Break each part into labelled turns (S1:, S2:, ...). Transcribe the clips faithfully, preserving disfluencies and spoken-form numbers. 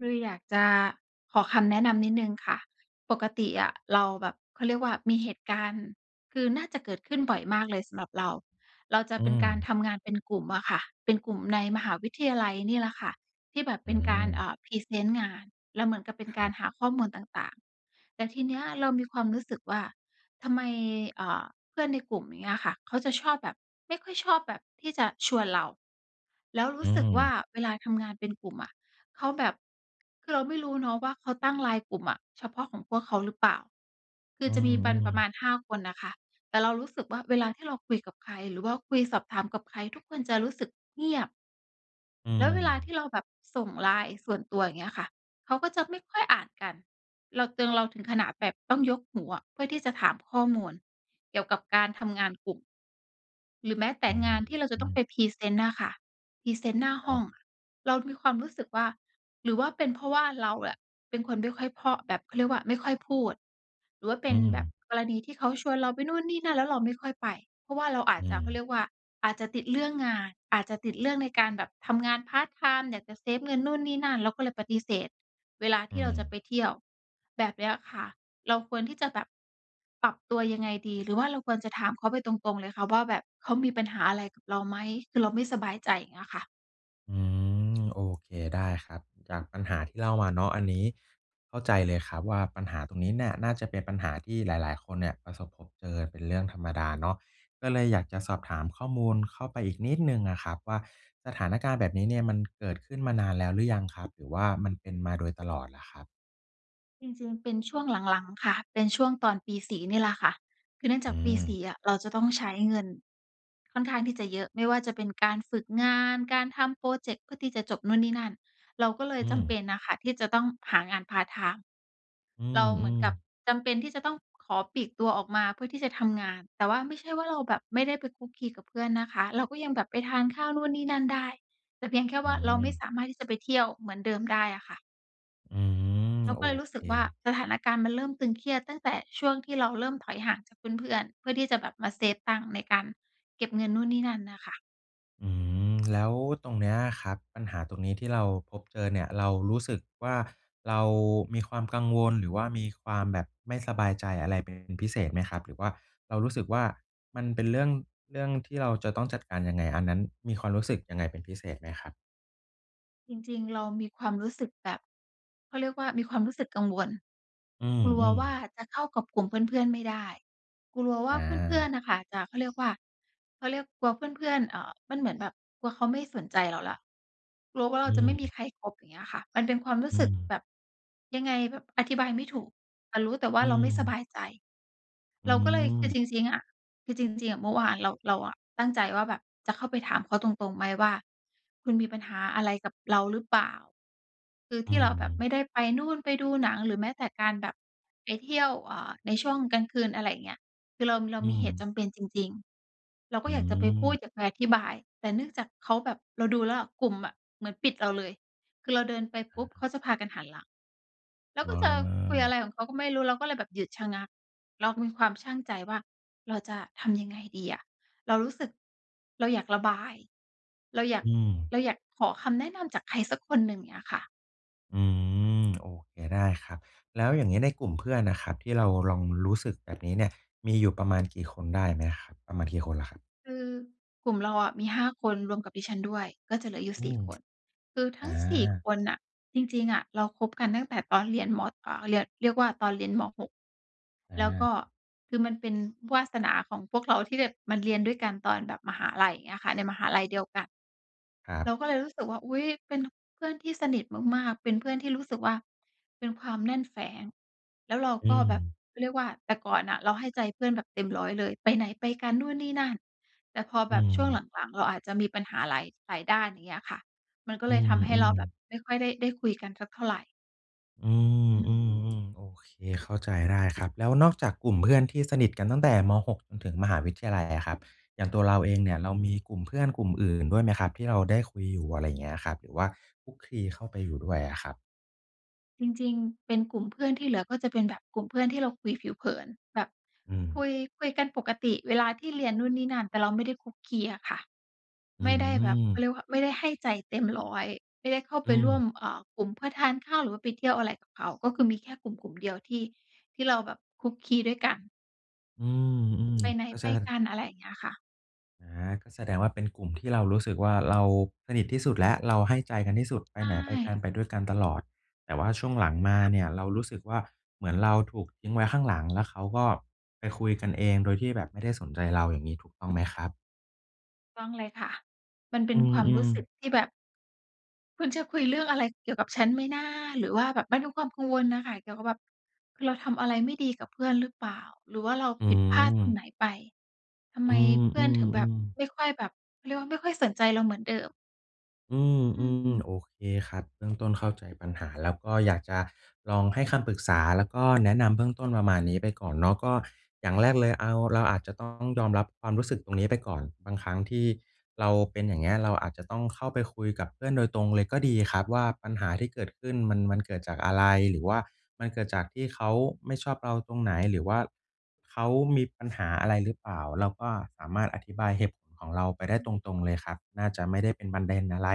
S1: เลยอยากจะขอคำแนะนำนิดหนึ่งค่ะ ปกติอะเราแบบ เขาเรียกว่า มีเหตุการณ์ คือ น่าจะเกิดขึ้นบ่อยมากเลยสำหรับเรา เราจะ
S2: อื
S1: เป็นการ
S2: ม
S1: ทำงานเป็นกลุ่มอะค่ะ เป็นกลุ่มในมหาวิทยาลัยนี่แหละค่ะ ที่แบบเ
S2: อ
S1: ป
S2: ื
S1: ็นการ เอ
S2: ม
S1: ่อ พรีเซนต์งาน แล้วเหมือนกับเป็น
S2: ค
S1: ก
S2: ร
S1: าร
S2: ับ
S1: หาข้อมูลต่าง ๆ แต่ทีเนี้ยเรามีความรู้สึกว่า ทำไม เอ่อ เพื่อนในกลุ่ม อย่างเงี้ยอะค่ะ เขาจะชอบแบบ ไม่ค่อยชอบแบบที่จะชวนเรา แล้วร
S2: อ
S1: ู
S2: ื
S1: ้สึกว่
S2: ม
S1: า เวลาทำงานเป็นกลุ่มอะ เขาแบบ คือเราไม่รู้เนาะว่า เขาตั้งไลน์กลุ่มอะเฉพาะของพวกเขาหรือเปล่า คือ
S2: อื
S1: จะมีปัน
S2: ม
S1: ประมา
S2: ๆ
S1: ณ ห้า คนน่ะค่ะ แต่เรารู้สึกว่า เวลาที่เราคุยกับใคร หรือว่าคุยสอบถามกับใคร ทุกคนจะรู้สึกเงียบ
S2: อื
S1: แล้วเวลาที่
S2: ม
S1: เราแบบส่งไลน์ส่วนตัว อย่างเงี้ยค่ะ เขาก็จะไม่ค่อยอ่านกัน เราตึง เราถึงขนาดแบบต้องยกหูอะ เพื่อที่จะถามข้อมูลเกี่ยวกับการทำงานกลุ่ม หรือแม้แต
S2: อ
S1: ่
S2: ื้อฮ
S1: ง
S2: ื
S1: า
S2: อ
S1: นที่เราจะ
S2: อ
S1: ต
S2: ื
S1: ้อง
S2: อ
S1: ไปพรีเซนต์น่ะค่ะ พรีเซนต์หน้า
S2: ค
S1: ห
S2: ร
S1: ้
S2: ั
S1: อง
S2: บ
S1: อะ เรามีความรู้สึกว่า หรือว่าเป็นเพราะว่าเราอะ เป็นคนไม่ค่อยเพราะ แบบเขาเรียกว่า ไม่ค่อยพูด หรือว่าเป
S2: อ
S1: ็
S2: ื
S1: นแบบ
S2: ม
S1: กรณีที่เขาชวนเราไปนู่นนี่นั่น แล้วเราไม่ค่อยไป เพราะว่าเราอาจ
S2: อื
S1: จะ เขา
S2: ม
S1: เรียกว่าอาจจะติดเรื่องงาน อาจจะติดเรื่องในการแบบทำงานพาร์ตไทม์ อยากจะเซฟเงินนู่นนี่นั่น เราก็เลยปฏิเสธเวลาท
S2: อ
S1: ี
S2: ื
S1: ่เราจะไป
S2: ม
S1: เที่ยว แบบเนี้ยค่ะ เราควรที่จะแบบปรับตัว ยังไงดี? หรือว่าเราควรจะถามเขาไปตรง ๆ เลยคะว่าแบบ "เขามีปัญหาอะไรกับเราไหม?" คือเราไม่สบายใจ อย่างเงี้ยค่ะ
S2: อืม โอเค ได้ครับ จากปัญหาที่เล่ามาเนาะ อันนี้เข้าใจเลยครับว่า ปัญหาตรงนี้เนี่ยน่าจะเป็นปัญหาที่หลาย ๆ คนเนี่ย ประสบพบเจอเป็นเรื่องธรรมดาเนาะ ก็เลยอยากจะสอบถามข้อมูลเข้าไปอีกนิดหนึ่งอะครับว่า สถานการณ์แบบนี้เนี่ยมันเกิดขึ้นมานานแล้วหรือยังครับ? หรือว่ามันเป็นมาโดยตลอดเหรอครับ?
S1: จริง ๆ เป็นช่วงหลัง ๆ ค่ะ เป็นช่วงตอนปี สี่ นี่แหละค่ะ คือเนื่องจ
S2: อ
S1: าก
S2: ื
S1: ปี ส
S2: ม
S1: ี่ อะ เราจะต้องใช้เงินค่อนข้างที่จะเยอะ ไม่ว่าจะเป็นการฝึกงาน การทำพรอเจกต์เพื่อที่จะจบนู่นนี่นั่น เราก็เลย
S2: อื
S1: จำเป
S2: ม
S1: ็นน่ะค่ะ ที่จะต้องหางานพาร์ตไทม์
S2: อื
S1: เราเหมือน
S2: ม
S1: กับ
S2: ๆ
S1: จำเป็นที่จะต้องขอปลีกตัวออกมาเพื่อที่จะทำงาน แต่ว่าไม่ใช่ว่าเราแบบไม่ได้ไปคลุกคลีกับเพื่อนนะคะ เราก็ยังแบบไปทานข้าวนู่นนี่นั่นได้ แต่เพียงแค่
S2: อ
S1: ว
S2: ื
S1: ่า เราไม่ส
S2: ม
S1: ามารถที่จะไปเที่ยวเหมือนเดิมได้อะค่ะ
S2: อืม
S1: เราก
S2: โอ
S1: ็เลยรู้สึ
S2: เ
S1: กว่า
S2: ค
S1: สถานการณ์มันเริ่มตึงเครียด ตั้งแต่ช่วงที่เราเริ่มถอยห่างจากเพื่อน ๆ เพื่อที่จะแบบมาเซฟตังค์ในการเก็บเงินนู่นนี่นั่นน่ะค่ะ
S2: อืม แล้วตรงเนี้ยครับ ปัญหาตรงนี้ที่เราพบเจอเนี่ย เรารู้สึกว่า เรามีความกังวล หรือว่ามีความแบบไม่สบายใจอะไรเป็นพิเศษไหมครับ? หรือว่าเรารู้สึกว่า มันเป็นเรื่อง เรื่องที่เราจะต้องจัดการยังไง? อันนั้นมีความรู้สึกยังไงเป็นพิเศษไหมครับ?
S1: จริง ๆ เรามีความรู้สึกแบบ เขาเรียกว่ามีความรู้สึกกังวล
S2: อื
S1: กลัว
S2: ม
S1: ว่า
S2: ๆ
S1: จะเข้ากับกลุ่มเพื่อน ๆ ไม่ได้ กลัวว่
S2: อ
S1: าเพื่อ
S2: า
S1: น ๆ น่ะค่ะจะ เขาเรียกว่า เขาเรียกกลัวเพื่อน ๆ เอ่อ มันเหมือนแบบ กลัวเขาไม่สนใจเราแล้ว กลัวว่าเรา
S2: อื
S1: จะไม่มี
S2: ม
S1: ใครคบ อย่างเงี้ยค่ะ มันเป็นความรู้
S2: อ
S1: ส
S2: ื
S1: ึกแ
S2: ม
S1: บบ ยังไงแบบอธิบายไม่ถูก แต่ รู้แต่ว่
S2: อ
S1: า
S2: ื
S1: เราไม่สบ
S2: ม
S1: ายใจ
S2: อื
S1: เราก็เลย คือ
S2: อ
S1: จริง ๆ อะ คือ จริง ๆ อะ เมื่อวานเรา เราอะตั้งใจว่าแบบจะเข้าไปถามเขาตรง ๆ ไหมว่า คุณมีปัญหาอะไรกับเราหรือเปล่า? คือ
S2: อ
S1: ท
S2: ื
S1: ี่เราแบบไม
S2: ม
S1: ่ได้ไปนู่น ไปดูหนัง หรือแม้แต่การแบบไปเที่ยว อ่า ในช่วงกลางคืน อะไรเงี้ย คือเรา เรา
S2: อื
S1: มีเหตุจ
S2: ม
S1: ำเป็นจริง ๆ เราก็
S2: อื
S1: อยากจะไปพูด
S2: ม
S1: อยากไปอธิบาย แต่เนื่องจากเขาแบบ เราดูแล้วอะ กลุ่มอะเหมือนปิดเราเลย คือเราเดินไป
S2: อ
S1: ป
S2: ะ
S1: ุ๊บ
S2: ฮ
S1: เข
S2: ะ
S1: าจะพากันหันหลัง แล้ว
S2: อ
S1: ก็จะคุยอะไ
S2: า
S1: รของเขาก็ไม่รู้ เราก็เลยแบบหยุดชะงัก เรามีความชั่งใจว่า เราจะทำยังไงดีอะ? เรารู้สึก เราอยากระบาย เราอยาก
S2: อืม
S1: เราอยากขอคำแนะนำจากใครสักคนหนึ่ง เงี้ยค่ะ
S2: อืม โอเค ได้ครับ แล้วอย่างนี้ในกลุ่มเพื่อนอะครับ ที่เราลองรู้สึกแบบนี้เนี่ย มีอยู่ประมาณกี่คนได้ไหมอะครับ ประมาณกี่คนล่ะครับ?
S1: คือ กลุ่มเราอะมี ห้า คนรวมกับดิฉันด้วย ก็จะเหลืออยู่
S2: อื
S1: สี่
S2: ม
S1: คน คือท
S2: อ
S1: ั้ง สี่ ค
S2: า
S1: นน่ะ จริง ๆ อะเราคบกันตั้งแต่ตอนเรียนมอ อ่า เรียน เรียกว่าตอนเรียน ม. หก
S2: อ
S1: แล้วก็
S2: า
S1: คือมันเป็นวาสนาของพวกเราที่แบบมาเรียนด้วยกันตอนแบบมหาลัย อย่างเงี้ยค่ะ ในมหาลัยเดียวกัน
S2: ครั
S1: เ
S2: บ
S1: ราก็เลยรู้สึกว่า อุ๊ย เป็น น เพื่อนที่สนิทมาก ๆ เป็นเพื่อนที่รู้สึกว่า เป็นความแน่นแฟ้น แล้วเรา
S2: อื
S1: ก็แบบ
S2: ม
S1: เขาเรียกว่า แต่ก่อนน่ะเราให้ใจเพื่อนแบบเต็ม ร้อย เลย ไปไหนไปกันนู่นนี่นั่น แต่พอ
S2: อ
S1: แบ
S2: ื
S1: บช่วง
S2: ม
S1: หลัง ๆ เราอาจจะมีปัญหาหลาย หลายด้าน อย่างเงี้ยค่ะ มันก็
S2: อื
S1: เลยทำให้เร
S2: ม
S1: าแบบ
S2: ๆ
S1: ไม่ค่อยได้ ได้คุยกันสักเท่าไร
S2: อื
S1: อืม
S2: ม ๆ ๆ โอเค เข้าใจได้ครับ แล้วนอกจากกลุ่มเพื่อนที่สนิทกันตั้งแต่ ม. หก จนถึงมหาวิทยาลัยอะครับ อย่างตัวเราเองเนี่ยเรามีกลุ่มเพื่อนกลุ่มอื่นด้วยไหมครับที่เราได้คุยอยู่ อะไรอย่างเงี้ยอะครับ หรือว่าคลุกคลีเข้าไปอยู่ด้วย
S1: ค
S2: อ
S1: ่
S2: ะ
S1: ะ
S2: ครับ?
S1: จริง ๆ เป็นกลุ่มเพื่อนที่เหลือ ก็จะเป็นแบบกลุ่มเพื่อนที่เราคุยผิวเผิน แบบ
S2: อื
S1: คุ
S2: ม
S1: ย คุยกันปกติเวลาที่เรียนนู่นนี่นั่น แต่เราไม่ได้คลุกคลีอะค่ะ
S2: อื
S1: ไม่ได้แบบ เขาเร
S2: อ
S1: ียกว่า ไม่ได้ให้ใจเต็มร้อย ไม่ได้เข้าไ
S2: อ
S1: ป
S2: ื
S1: ร่วม
S2: ม
S1: เอ่อ กลุ่มเพื่อทานข้าว หรือว่าไปเที่ยวอะไรกับเขา ก็คือมีแค่กลุ่มกลุ่มเดียวที่ ที่เราแบบคลุกคลีด้วยกัน
S2: อืม อืม
S1: ไปไหน
S2: เข้า
S1: ไ
S2: ใ
S1: ป
S2: จได้
S1: กัน อะไรอย่างเงี้ยค่ะ
S2: อา ก็แสดงว่าเป็นกลุ่มที่เรารู้สึกว่า เรา สนิทที่สุดแล้ว เรา ให้ใจกันที่สุดไป
S1: ใช
S2: ไหนไปกั
S1: ่
S2: น ไปด้วยกันตลอด แต่ว่าช่วงหลังมาเนี่ยเรารู้สึกว่า เหมือนเราถูกทิ้งไว้ข้างหลัง แล้วเขาก็ไปคุยกันเอง โดยที่แบบไม่ได้สนใจเราอย่างงี้ ถูกต้องไหมครับ?
S1: ถูกต้องเลยค่ะ มันเ
S2: อ
S1: ป็
S2: ื
S1: น
S2: ม
S1: ความ
S2: อื
S1: รู
S2: ม
S1: ้สึกที่แบบ คุณจะคุยเรื่องอะไรเกี่ยวกับฉันไหมนะ? หรือว่าแบบไม่รู้ความกังวลน่ะค่ะ เกี่ยวกับแบบ คือเราทำอะไรไม่ดีกับเพื่อนหรือเปล่า? หรือว่าเรา
S2: อื
S1: ผิดพลาดตรง
S2: อ
S1: ไหนไป? ทำไ
S2: อ
S1: ม
S2: ื
S1: เพื่อนถึงแบบ
S2: อ ๆ ๆ
S1: ไม่ค่อยแบบ เขาเรียกว่า ไม่ค่อยสนใจเราเหมือนเดิม
S2: อื
S1: อื
S2: ม
S1: ม
S2: ๆ โอเคครับ เบื้องต้นเข้าใจปัญหา แล้วก็อยากจะลองให้คำปรึกษา แล้วก็ แนะนำเบื้องต้นประมาณนี้ไปก่อนเนาะ ก็อย่างแรกเลย เอา เราอาจจะต้องยอมรับความรู้สึกตรงนี้ ไปก่อน บางครั้งที่เราเป็นอย่างเงี้ย เราอาจจะต้องเข้าไปคุยกับเพื่อนโดยตรงเลยก็ดีครับว่า ปัญหาที่เกิดขึ้น มัน มันเกิดจากอะไร? หรือว่ามันเกิดจากที่เขาไม่ชอบเราตรงไหน? หรือว่าเขามีปัญหาอะไรหรือเปล่า? เราก็สามารถอธิบายเหตุผลของเราไปได
S1: อ
S2: ้
S1: ืม
S2: ตรง ๆ เลยครับ น่าจะไม่ได้เป็นประเด็นอะไร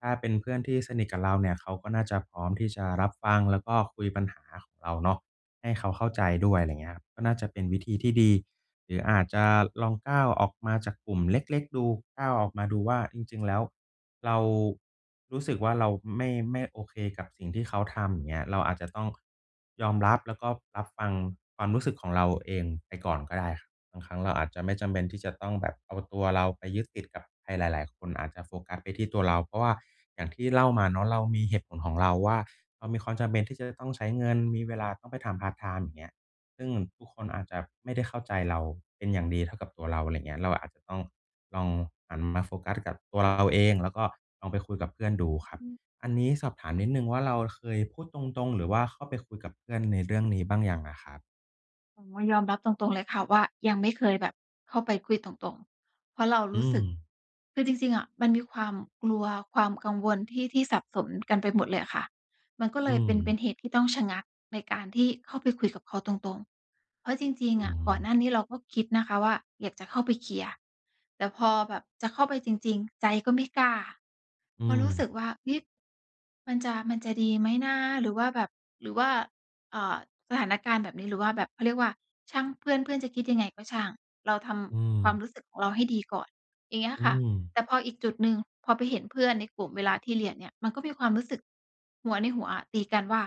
S2: ถ้าเป็นเพื่อนที่สนิทกับเราเนี่ย เขาก็น่าจะพร้อมที่จะรับฟัง แล้วก็คุยปัญหาของเราเนาะ ให้เขาเข้าใจด้วย อะไรอย่างเงี้ย ก็น่าจะเป็นวิธีที่ดี หรืออาจจะลองก้าวออกมาจากกลุ่มเล็ก ๆ ดู ก้าวออกมาดูว่า จริง ๆ แล้วเรา รู้สึกว่า เราไม่ ไม่โอเคกับสิ่งที่เขาทำอย่างเงี้ย เราอาจจะต้อง ยอมรับ แล้วก็รับฟังความรู้สึกของเราเองไปก่อนก็ได้ครับ บางครั้งเราอาจจะไม่จำเป็นที่จะต้องแบบ เอาตัวเราไปยึดติดกับใครหลาย ๆ คน อาจจะโฟกัสไปที่ตัวเรา เพราะว่าอย่างที่เล่ามาเนาะ เรามีเหตุผลของเราว่า เรามีความจำเป็นที่จะต้องใช้เงิน มีเวลาต้องไปทำพาร์ตไทม์อย่างเงี้ย ซึ่งมันทุกคนอาจจะไม่ได้เข้าใจเราเป็นอย่างดีเท่ากับตัวเรา อะไรอย่างเงี้ย เราอาจจะต้องลองหันมาโฟกัสกับตัวเราเอง แล้วก็ลองไปคุยกับเพื่อนดูครับ
S1: อืม
S2: อันนี้สอบถามนิดหนึ่งว่า เราเคยพูดตรง ๆ หรือว่าเข้าไปคุยกับเพื่อนในเรื่องนี้บ้างยังอะครับ?
S1: โอ้ ยอมรับตรง ๆ เลยค่ะว่า ยังไม่เคยแบบเข้าไปคุยตรง ๆ เพราะเราร
S2: อื
S1: ู้สึก
S2: ม
S1: คือจริง ๆ อะมันมีความกลัว ความกังวลที่ ที่สับสนกันไปหมดเลยอะค่ะ มันก็
S2: อ
S1: เ
S2: ื
S1: ลยเป็น เป
S2: ม
S1: ็นเหตุที่ต้องชะงักในการที่เข้าไปคุยกับเขาตรง ๆ เพราะจริง
S2: อ
S1: ๆ อ
S2: ื
S1: ะ ก่อน
S2: ม
S1: หน้านี้เราก็คิดนะคะว่า อยากจะเข้าไปเคลียร์ แต่พอแบบจะเข้าไปจริง ๆ ใจก็ไม่กล้า
S2: อื
S1: ก็รู้ส
S2: ม
S1: ึกว่า เฮ้ย มันจะ มันจะดีไหมนะ? หรือว่าแบบ หรือว่า เอ่อ สถานการณ์แบบนี้ หรือว่าแบบ เขาเรียกว่า ช่างเพื่อน เพื่อนจะคิดยังไงก็ช่าง เราท
S2: อื
S1: ำควา
S2: ม
S1: มรู้สึกของเราให้ดีก่อน อย่างเงี้ย
S2: อื
S1: ค่ะ
S2: ม
S1: แต่พออีกจุดหนึ่ง พอไปเห็นเพื่อนในกลุ่มเวลาที่เรียนเนี่ย มันก็มีความรู้สึกหัว ในหัว อะ ตีกันว่า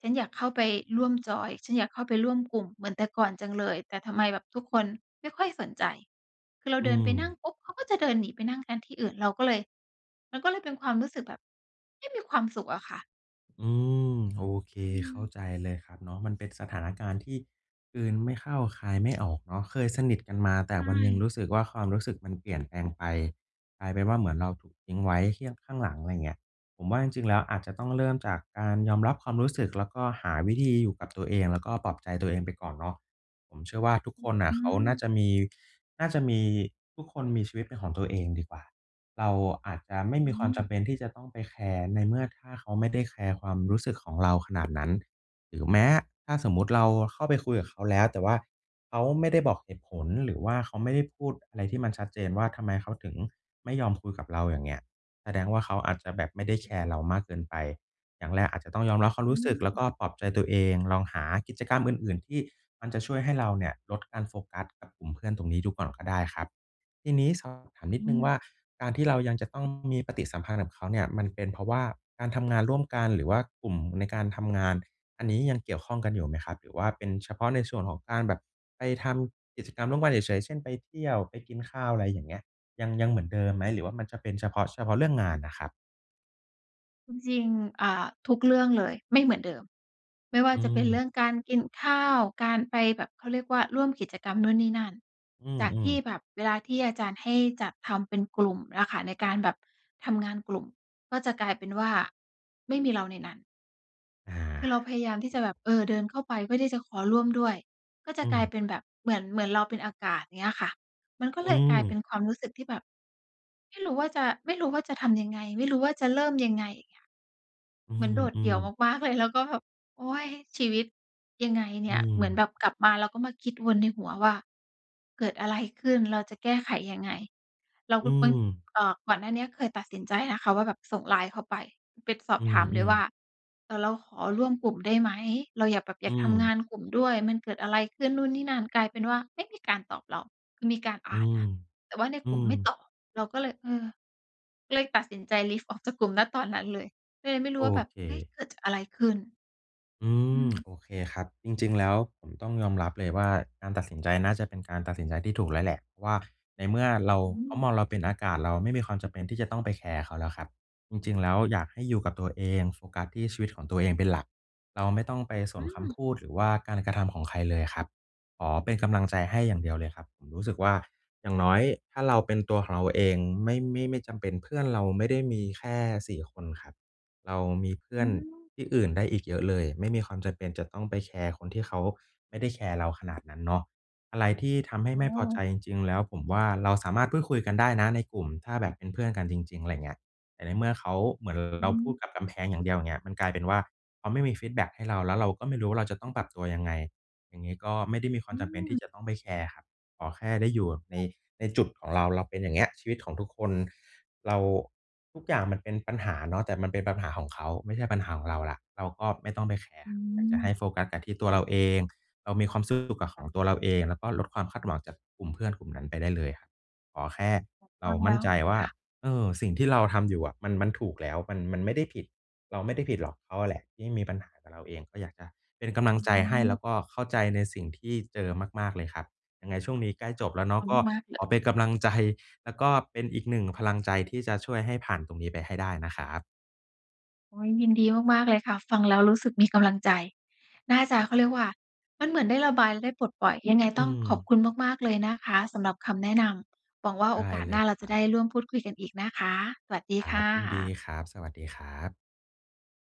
S1: ฉันอยากเข้าไปร่วมจอย ฉันอยากเข้าไปร่วมกลุ่มเหมือนแต่ก่อนจังเลย แต่ทำไมแบบทุกคนไม่ค่อยสนใจ คือเรา
S2: อื
S1: เดินไปนั่
S2: ม
S1: งปุ๊บ เขาก็จะเดินหนีไปนั่งกันที่อื่น เราก็เลย มันก็เลยเป็นความรู้สึกแบบไม่มีความสุขอะค่ะ
S2: อืม โอเค
S1: อื
S2: เข้า
S1: ม
S2: ใจเลยครับเนาะ มันเป็นสถานการณ์ที่ กลืนไม่เข้าคายไม่ออกเนาะ เคยสนิทกันมา แต
S1: ใ
S2: ่
S1: ช
S2: วันหนึ่ง
S1: ่
S2: รู้สึกว่า ความรู้สึกมันเปลี่ยนแปลงไป กลายเป็นว่าเหมือนเราถูกทิ้งไว้ที่ข้าง ข้างหลัง อะไรอย่างเงี้ย ผมว่าจริง ๆ แล้วอาจจะต้องเริ่มจากการยอมรับความรู้สึก แล้วก็หาวิธีอยู่กับตัวเอง แล้วก็ปลอบใจตัวเองไปก่อนเนาะ ผมเชื่อว่าทุก
S1: อื
S2: ค
S1: ้อ
S2: นน่
S1: ฮ
S2: ะ
S1: ื
S2: เขาน่า
S1: อ
S2: จะมี น่าจะมี ทุกคนมีชีวิตเป็นของตัวเองดีกว่า เราอาจจะไม่
S1: อื
S2: มีความจ
S1: ม
S2: ำเป็นที่จะต้องไปแคร์ ในเมื่อถ้าเขาไม่ได้แคร์ความรู้สึกของเราขนาดนั้น หรือแม้ ถ้าสมมุติเราเข้าไปคุยกับเขาแล้ว แต่ว่า เขาไม่ได้บอกเหตุผล หรือว่าเขาไม่ได้พูดอะไรที่มันชัดเจนว่า ทำไมเขาถึง ไม่ยอมคุยกับเรา อย่างเงี้ย แสดงว่าเขาอาจจะแบบไม่ได้แ
S1: อ
S2: ค
S1: ืม
S2: ร์เรามากเกินไป อย่างแรกอาจจะต้องยอมรับความ
S1: อื
S2: รู้สึก แล้ว
S1: ม
S2: ก็ปลอบใจตัวเอง ลองหากิจกรรมอื่น ๆ ที่ มันจะช่วยให้เราเนี่ยลดการโฟกัสกับกลุ่มเพื่อนตรงนี้ดูก่อนก็ได้ครับ ทีนี้สอบถามนิ
S1: อื
S2: ดหนึ่งว่า
S1: ม
S2: การที่เรายังจะต้องมีปฏิสัมพันธ์กับเขาเนี่ย มันเป็นเพราะว่าการทำงานร่วมกัน หรือว่ากลุ่มในการทำงาน อันนี้ยังเกี่ยวข้องกันอยู่ไหมครับ? หรือว่าเป็นเฉพาะในส่วนของการแบบไปทำกิจกรรมร่วมกันเฉย ๆ เช่น ไปเที่ยว ไปกินข้าว อะไรอย่างเงี้ย ยัง ยังเหมือนเดิมไหม? หรือว่ามันจะเป็นเฉพาะ เฉพาะเรื่องงานน่ะครับ
S1: จริง ๆ อ่า ทุกเรื่องเลย ไม่เหมือนเดิม ไม่ว่า
S2: อื
S1: จะเป็นเรื
S2: ม
S1: ่องการกินข้าว การไปแบบ เขาเรียกว่า ร่วมกิจกรรมนู่นนี่นั่น
S2: อื
S1: จากท
S2: อ
S1: ี่
S2: ๆ
S1: แบบเวลาที่อาจารย์ให้จัดทำเป็นกลุ่มอะค่ะ ในการแบบทำงานกลุ่ม ก็จะกลายเป็นว่า ไม่มีเราในนั้น
S2: อา
S1: คือเราพยายามที่จะแบบ เออ เดินเข้าไปเพื่อที่จะขอร่วมด้วย ก็จะ
S2: อื
S1: กลาย
S2: ม
S1: เป็นแบบเหมือน เหมือนเราเป็นอากาศ อย่างเงี้ยค่ะ มันก็
S2: อ
S1: เ
S2: ื
S1: ลยกลายเ
S2: ม
S1: ป็นความรู้สึกที่แบบไม่รู้ว่าจะ ไม่รู้ว่าจะทำยังไง ไม่รู้ว่าจะเริ่มยังไง อย่างเงี้ย
S2: อื
S1: เหมือนโดดเดี่
S2: ม
S1: ยว
S2: ๆ
S1: มาก ๆ เลย แล้วก็แบบ โอ๊ย! ชีวิตยังไงเ
S2: อ
S1: นี
S2: ื
S1: ่ย เหมือนแบ
S2: ม
S1: บกลับมาเราก็มาคิดวนในหัวว่า "เกิดอะไรขึ้น เราจะแก้ไขยังไง" เรา
S2: อื
S1: ก็ คน
S2: ม
S1: เอ่อ ก่อนหน้านี้เคยตัดสินใจนะคะว่าแบบส่งไลน์เข้าไป ไปสอ
S2: อ
S1: บ
S2: ื
S1: ถามเลย
S2: ม
S1: ว่า
S2: ๆ
S1: เอ่อ "เราขอร่วมกลุ่มได้ไหม?" เราอยากแบบ อ
S2: อ
S1: ย
S2: ื
S1: ากทำง
S2: ม
S1: านกลุ่มด้วย มันเกิดอะไรขึ้น? นู่นนี่นั่น กลายเป็นว่าไม่มีการตอบเรา คือมีการอ
S2: อื
S1: ่าน
S2: ม
S1: นะ แต่ว่าใน
S2: อื
S1: กลุ่ม
S2: ม
S1: ไม่ตอบ เราก็เลย เออ ก็เลยตัดสินใจ leave ออกจากกลุ่ม ณ ตอนนั้นเลย ก็เลยไม่รู
S2: โ
S1: ้
S2: อ
S1: ว่าแบบ
S2: เ
S1: เฮ้ย!
S2: ค
S1: เกิด จ อะไรขึ้น?
S2: อื
S1: อื
S2: ม
S1: ม
S2: โอเคครับ จริง ๆ แล้วผมต้องยอมรับเลยว่า การตัดสินใจน่าจะเป็นการตัดสินใจที่ถูกแล้วแหละว่า ในเมื่อ
S1: อ
S2: เรา
S1: อื
S2: เขาม
S1: ม
S2: องเราเป็นอากาศ เราไม่มีความจำเป็นที่จะต้องไปแคร์เขาแล้วครับ จริง ๆ แล้วอยากให้อยู่กับตัวเอง โฟกัสที่ชีวิตของตัวเองเป็นหลัก เราไม่ต้องไปส
S1: อื
S2: นค
S1: ม
S2: ำพูด หรือว่าการกระทำของใครเลยครับ ขอเป็นกำลังใจให้อย่างเดียวเลยครับ ผมรู้สึกว่า อย่างน้อยถ้าเราเป็นตัวของเราเอง ไม่ ไม่ ไม่จำเป็น เพื่อนเราไม่ได้มีแค่ สี่ คนครับ เรามีเพื่
S1: อื
S2: อน
S1: ม
S2: ที่อื่นได้อีกเยอะเลย ไม่มีความจำเป็นจะต้องไปแคร์คนที่เขาไม่ได้แคร์เราขนาดนั้นเนาะ อะไรที่ทำให้
S1: โอ
S2: ไม่พอใจ
S1: ้!
S2: จริง ๆ แล้ว ผมว่าเราสามารถพูดคุยกันได้นะในกลุ่ม ถ้าแบบเป็นเพื่อนกันจริง ๆ อะไรอย่างเงี้ย แต่ในเมื่อเขา เหมือน
S1: อื
S2: เราพูด
S1: ม
S2: กับกำแพงอย่างเดียว อย่างเงี้ย มันกลายเป็นว่า เขาไม่มีฟีดแบ็กให้เรา แล้วเราก็ไม่รู้ว่า เราจะต้องปรับตัวยังไง อย่างงี้ก็ไม่ได้มีคว
S1: อ
S2: าม
S1: ื
S2: จำเป็นที่
S1: ม
S2: จะต้องไปแคร์ครับ ขอแค่ได้อยู่ ใน
S1: ค่ะ
S2: ในจุดของเรา เราเป็นอย่างเงี้ย ชีวิตของทุกคน เรา ทุกอย่างมันเป็นปัญหาเนาะ แต่มันเป็นปัญหาของเขา ไม่ใช่ปัญหาของเราแล้ว เราก็ไม่ต้องไปแคร
S1: อ
S2: ์
S1: ื
S2: อยากจ
S1: ม
S2: ะให้โฟกัสแต่ที่ตั
S1: อ๋
S2: วเรา
S1: อ
S2: เอง เรามีความสุขกับข
S1: ค่ะ
S2: องตัวเราเอง ก็ลดความคาดหวังจากกลุ่มเพื่อนกลุ่มนั้นไปได้เลยครับ ขอแค่เร
S1: ฟ
S2: า
S1: ังแ
S2: มั
S1: ล
S2: ่น
S1: ้ว
S2: ใจว่
S1: ค
S2: า
S1: ่ะ
S2: เออ สิ่งที่เราทำอยู่อะ มัน มันถูกแล้ว มัน มันไม่ได้ผิด เราไม่ได้ผิดหรอก เขาแหละที่มีปัญหากับเราเอง ก็อยากจะเป็นก
S1: ฟ
S2: ำล
S1: ั
S2: ั
S1: ง
S2: งใ
S1: ด
S2: จ
S1: ูแล้
S2: ใ
S1: ว
S2: ห้
S1: นี
S2: แล
S1: ่
S2: ้วก็เข้าใจในสิ่งที่เจอมาก ๆ เลยครับ ยังไงช่วงนี้ใกล้จบแล้วเนาะ ก็
S1: มากเล
S2: ขอเป็
S1: ย
S2: นกำลัง ใจ แล้วก็เป็นอีกหนึ่งพลังใจที่จะช่วยให้ผ่านตรงนี้ไปให้ได้นะครับ
S1: โอ๊ย! ยินดีมากๆ เลยค่ะ ฟังแล้วรู้สึกมีกำลังใจ น่าจะ เขาเรียกว่า มันเหมือนได้ระบายและได้ปลดปล่อย ยังไง
S2: อื
S1: ต้องขอบ
S2: ม
S1: คุณมาก ๆ เลยนะคะสำหรับคำแนะนำ หวังว่าโ
S2: ไ
S1: อ
S2: ด้
S1: กาส
S2: เล
S1: หน้
S2: ย
S1: าเรา
S2: ค
S1: จ
S2: ร
S1: ะ
S2: ั
S1: ได
S2: บ
S1: ้ร่วมพูดคุยกันอีกนะคะ สวัสดี
S2: คร
S1: ค
S2: ั
S1: ่
S2: บ ยินดี
S1: ะ
S2: ครับ สวัสดีครับ